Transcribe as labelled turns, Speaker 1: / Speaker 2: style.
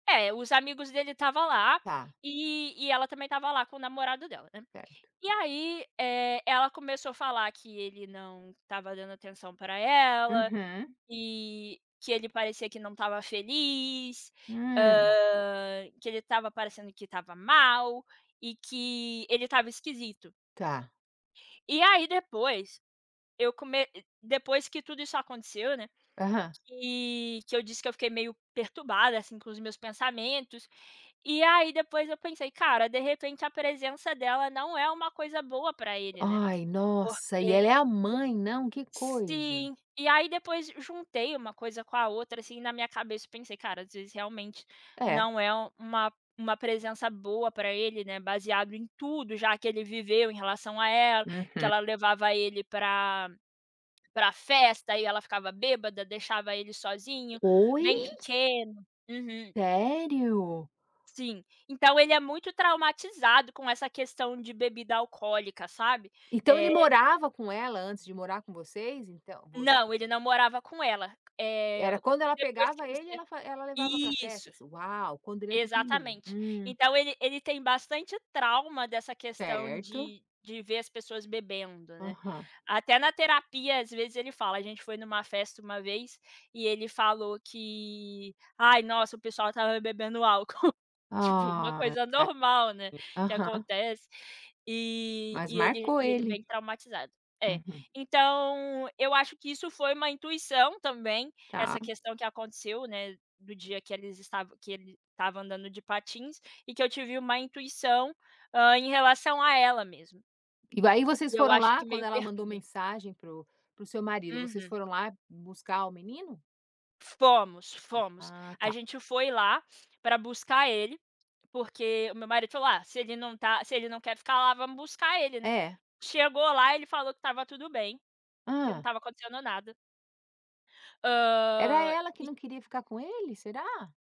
Speaker 1: É, os amigos dele tava lá,
Speaker 2: Tá.
Speaker 1: e e ela também tava lá com o namorado dela, né?
Speaker 2: Certo.
Speaker 1: E aí, eh, ela começou a falar que ele não tava dando atenção pra ela,
Speaker 2: Uhum.
Speaker 1: que que ele parecia que não tava feliz,
Speaker 2: Hum.
Speaker 1: hã, que ele tava parecendo que tava mal e que ele tava esquisito.
Speaker 2: Tá.
Speaker 1: E aí depois, eu come depois que tudo isso aconteceu né,
Speaker 2: Aham.
Speaker 1: que que eu disse que eu fiquei meio perturbada, assim, com os meus pensamentos, e aí depois eu pensei: "Cara de repente a presença dela não é uma coisa boa pra ele ,né?"
Speaker 2: Ai, nossa, e
Speaker 1: Porque,,
Speaker 2: ela é a
Speaker 1: [unintelligible]
Speaker 2: mãe, não, que coisa.
Speaker 1: sim, e aí depois juntei uma coisa com a outra, assim, na minha cabeça pensei: "Cara, às vezes, realmente
Speaker 2: É.
Speaker 1: não é uma uma presença boa pra ele, né, baseado em tudo já que ele viveu em relação a ela", que
Speaker 2: Uhum.
Speaker 1: ela levava ele pra pra festa e ela ficava bêbada, deixava ele sozinho,
Speaker 2: Oi?
Speaker 1: bem pequeno. Uhum.
Speaker 2: Sério?
Speaker 1: Sim, então ele é muito traumatizado com essa questão de bebida alcoólica, sabe?
Speaker 2: Então ele
Speaker 1: Eh
Speaker 2: morava com ela antes de morar com vocês? Então, voc
Speaker 1: Não, ele não morava com ela. Eh,
Speaker 2: Era quando ela
Speaker 1: depois que
Speaker 2: pegava ele
Speaker 1: você
Speaker 2: ela fa ela levava pra
Speaker 1: isso.
Speaker 2: festas, uau, quando ele é pequenininho.
Speaker 1: Exatamente.
Speaker 2: Hum.
Speaker 1: Então ele ele tem bastante trauma dessa questão
Speaker 2: Certo.
Speaker 1: de de ver as pessoas bebendo, né.
Speaker 2: Aham.
Speaker 1: Até na terapia às vezes ele fala, gente foi numa festa uma vez, e ele falou que, ai nossa o pessoal tava bebendo álcool. Tipo uma
Speaker 2: Ah,,
Speaker 1: coisa normal, né,
Speaker 2: [unintelligible]
Speaker 1: que
Speaker 2: aham.
Speaker 1: acontece, e
Speaker 2: Mas
Speaker 1: e ele
Speaker 2: marcou
Speaker 1: e ele
Speaker 2: ele.
Speaker 1: bem traumatizado. É,
Speaker 2: Uhum.
Speaker 1: então eu acho que isso foi uma intuição também,
Speaker 2: Tá.
Speaker 1: essa questão que aconteceu né, do dia que eles estava que ele tava andando de patins, e que eu tive uma intuição, hã, em relação a ela mesmo.
Speaker 2: E aí vocês
Speaker 1: E eu
Speaker 2: foram
Speaker 1: acho
Speaker 2: lá
Speaker 1: que
Speaker 2: quando
Speaker 1: meio
Speaker 2: ela mandou
Speaker 1: perturba.
Speaker 2: mensagem pro pro seu marido, vocês
Speaker 1: Uhum.
Speaker 2: foram lá buscar o menino?
Speaker 1: Fomos, fomos.
Speaker 2: Ah
Speaker 1: A
Speaker 2: tá.
Speaker 1: gente foi lá pra buscar ele, porque o meu marido falou: "Ah, se ele não tá se ele não quer ficar lá vamos buscar ele, né."
Speaker 2: É.
Speaker 1: Chegou lá ele falou que tava tudo bem, que não
Speaker 2: Hã?
Speaker 1: tava acontecendo nada.
Speaker 2: Era
Speaker 1: Hã,
Speaker 2: ela que
Speaker 1: e
Speaker 2: não queria ficar com ele, será?